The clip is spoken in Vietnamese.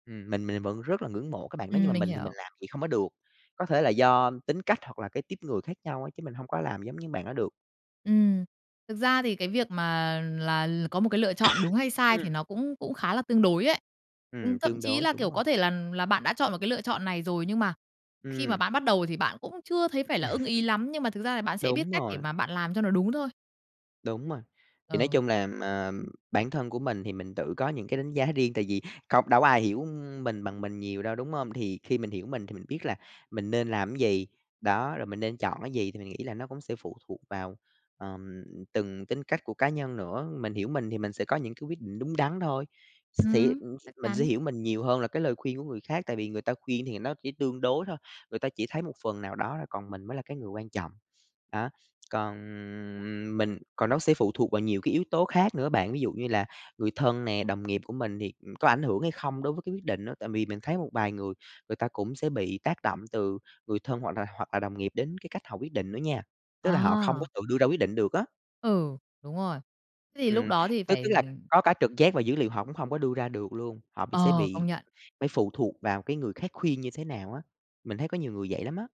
Ừm, mình mình vẫn rất là ngưỡng mộ cái bạn đó nhưng mà Ừm, mình mình thì hiểu. mình làm vậy không có được, có thể là do tính cách hoặc là cái típ người khác nhau á chứ mình hông có làm giống như bạn đó được. Ừm. Thực ra thì cái việc mà là l có một cái lựa chọn đúng hay sai thì Ừm. nó cũng cũng khá là tương đối ấy. Ừm, Ừm, thậm tương chí đối, là, đúng kiểu, rồi. có thể là là bạn đã chọn một cái lựa chọn này rồi nhưng mà khi mà Ừm. bạn bắt đầu thì bạn cũng chưa thấy phải là ưng ý lắm, nhưng mà thực ra là bạn sẽ biết Đúng cách để rồi. mà bạn làm cho nó đúng thôi. Đúng rồi. Thì nói Ờ. chung là, ờ, bản thân của mình thì mình tự có những cái đánh giá riêng, tại vì không đâu có ai hiểu mình bằng mình nhiều đâu, đúng hông? Thì khi mình hiểu mình thì mình biết là mình nên làm cái gì, đó, rồi mình nên chọn cái gì thì mình nghĩ là nó cũng sẽ phụ thuộc vào, ờm, từng tính cách của cá nhân nữa. Mình hiểu mình thì mình sẽ có những cái quyết định đúng đắn thôi, xì Ừm, ừm, chắc mình sẽ chắn. hiểu mình nhiều hơn là cái lời khuyên của người khác, tại vì người ta khuyên thì nó chỉ tương đối thôi, người ta chỉ thấy một phần nào đó thôi, còn mình mới là cái người quan trọng. Đó, còn mình còn nó sẽ phụ thuộc vào nhiều cái yếu tố khác nữa bạn, ví dụ như là người thân nè, đồng nghiệp của mình thì, ừm, có ảnh hưởng hay không đối với cái quyết định đó. Tại vì mình thấy một vài người, người ta cũng sẽ bị tác động từ người thân hoặc là hoặc là đồng nghiệp đến cái cách họ quyết định nữa nha, tức là họ không có À! tự đưa ra quyết định được á. Ừ, đúng rồi. Thế thì lúc Ừm, đó thì tức tức phải là có cả trực giác và dữ liệu họ cũng hông có đưa ra được luôn, họ bị sẽ Ờ, công bị nhận. phải phụ thuộc vào cái người khác khuyên như thế nào á. Mình thấy có nhiều người vậy lắm á.